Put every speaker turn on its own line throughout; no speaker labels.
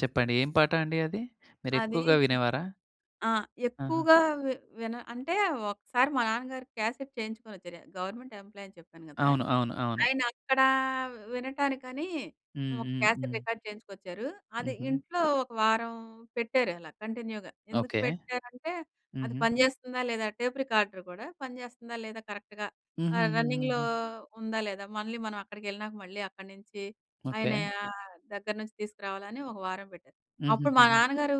చెప్పండి. ఏం పాట అండి అది?
అది.
మీరెక్కువగా
చి
వినేవారా?
ఆ!
ఆహా!
ఎక్కువగా వి విన అంటే, ఒకసారి మా నాన్నగారు క్యాసెట్ చేయించుకొనొచ్చారు. గవర్నమెంట్ ఎంప్లాయీ అని చెప్పాను గదా!
అవును. అవును. అవును.
ఆయన అక్కడ వినటానికని,
హ్మ్.
ఒక
హ్మ్.
క్యాసెట్
హ్మ్.
రికార్డ్ చేయించుకొచ్చారు. అది
హుహు.
ఇంట్లో ఒక వారం పెట్టారలా కంటిన్యూగా. ఎందుకు
ఓకే.
పెట్టారంటే, అది
హుహు.
పనిజేస్తుందా? లేదా? టేప్ రికార్డర్ గూడా, పనిజేస్తుందా? లేదా? కరెక్ట్‌‌గా. ఆహ్, రన్నింగ్‌‌‌‌లో
హుహుహుహుహు.
ఉందా, లేదా? మళ్ళీ మనం అక్కడికెళ్ళినాక మళ్ళీ అక్కడి నుంచి ఆయన
ఓకే.
ఆహ్, దగ్గర నుంచి తీసుకురావాలని ఒక వారం పెట్టారు. అప్పుడు మా
హుహుహుహు.
నాన్నగారు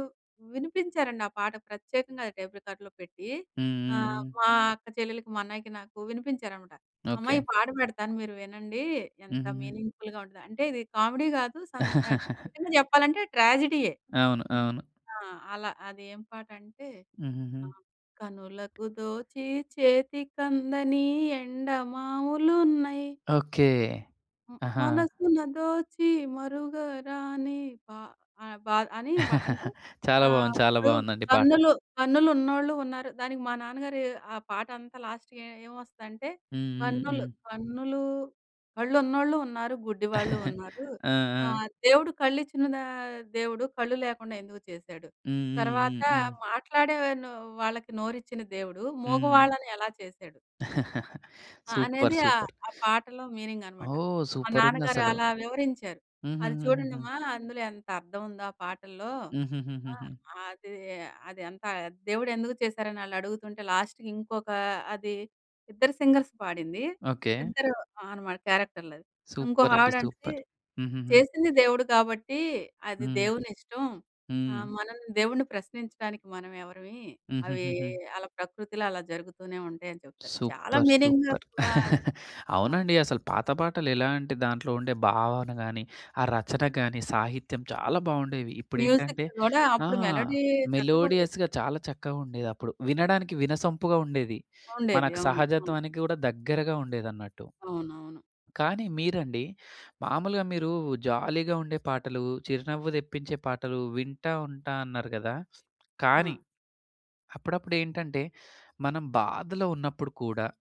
వినిపించారండి ఆ పాట ప్రత్యేకంగా టేప్ రికార్డర్‌లో పెట్టి,
హ్మ్. హ్మ్.
ఆహ్,
హ్మ్.
మా అక్క చెల్లెలికి, మా అన్నయ్యకి నాకు వినిపించారన్నమాట. "అమ్మా
ఓకే.
ఈ పాట పెడతాను మీరు వినండి. ఎంత
హుహుహు.
మీనింగ్‌ఫుల్‌గా ఉంటది" అంటే ఇది కామెడీ గాదు సం ఆహ్, నిజంగా చెప్పాలంటే ట్రాజెడీయే.
అవును,
హ్మ్.
అవును.
ఆ! అలా. అది ఏం పాటంటే,
హుహుహు.
ఆహ్, కనులకు దోచి చేతికందని ఎండమావులున్నయి.
ఓకే.
హ్మ్.
ఆహా!
మనసున దోచి మరుగరాని పా అ పా అని ప అంటే
చాలా
ఆహ్,
బావుంది. చాలా
ఇప్పుడు
బావుందండి పాట.
కన్నులు, కన్నులు ఉన్నోళ్ళూ ఉన్నారు, దానికి మా నాన్నగారు ఆ పాటంతా లాస్ట్‌కి ఏ ఏం వస్తదంటే,
హ్మ్. హ్మ్.
కన్నులు
హ్మ్.
కన్నులు కళ్ళు ఉన్నోళ్ళూ ఉన్నారు, గుడ్డి వాళ్ళూ ఉన్నారు.
ఆ! ఆ!
ఆహ్, దేవుడు కళ్ళు ఇచ్చిన ద దేవుడు కళ్ళు లేకుండా ఎందుకు చేశాడు?
హ్మ్, హ్మ్,
తర్వాత
హ్మ్. హ్మ్.
మాట్లాడే ను వాళ్ళకి నోరు ఇచ్చిన దేవుడు,
హ్మ్.
ముగవాళ్ళని ఎలా చేశాడు? ఆ!
సూపర్.
అనేది ఆహ్,
సూపర్.
ఆ పాటలో మీనింగనమాట.
ఓహ్!
మా నాన్నగారు
సూపరుందసలు.
అలా వివరించారు. "అది
హుహుహుహుహు.
చూడండమ్మా అందులో ఎంత అర్థం ఉందో ఆ పాటల్లో." ఆ!
హుహుహుహుహు.
అది, అది అంత దేవుడు ఎందుకు చేసారని ఆళ్ళడుగుతుంటే, లాస్ట్‌కి ఇంకొక అది ఇద్దరు సింగర్స్ పాడింది.
ఓకే.
ఇద్దరు అనమాట క్యారెక్టర్లది.
సూపరండి
ఇంకొకావిడంటది,
సూపర్. హుహూహు.
చేసింది దేవుడు కాబట్టి అది
హ్మ్.
దేవునిష్టం.
హ్మ్.
ఆహ్, మనం దేవుణ్ణి ప్రశ్నించడానికి మనం ఎవరిమి? అవి
హుహుహుహు.
అలా ప్రకృతిలో అలా జరుగుతూనే ఉంటాయని చెప్తారు. చాలా
సూపర్.
Meaning
super.
వాస్తవం.
అవునండి. అసలు పాత పాటలెలా అంటే, దాంట్లో ఉండే భావన గాని, ఆ రచన గాని సాహిత్యం చాలా బావుండేవి.
మ్యూజిక్
ఇప్పుడేంటంటే
గూడా
ఆ!
అప్పుడు మెలోడీ చక్కగుండేది.
మెలోడియస్‌గా చాలా చక్కగా ఉండేదప్పుడు. వినడానికి వినసంపుగా ఉండేది.
ఉండేది.
మనకు
అవును. అవును.
సహజత్వానికి కూడా దగ్గరగా ఉండేదన్నట్టు.
అవునవును.
కానీ మీరండి, మాములుగా మీరు జాలీగా ఉండే పాటలు, చిరునవ్వు తెప్పించే పాటలు వింటా ఉంటా అన్నారు గదా! కానీ
ఆ!
అప్పుడప్పుడేంటంటే, మనం బాధలో ఉన్నప్పుడు కూడా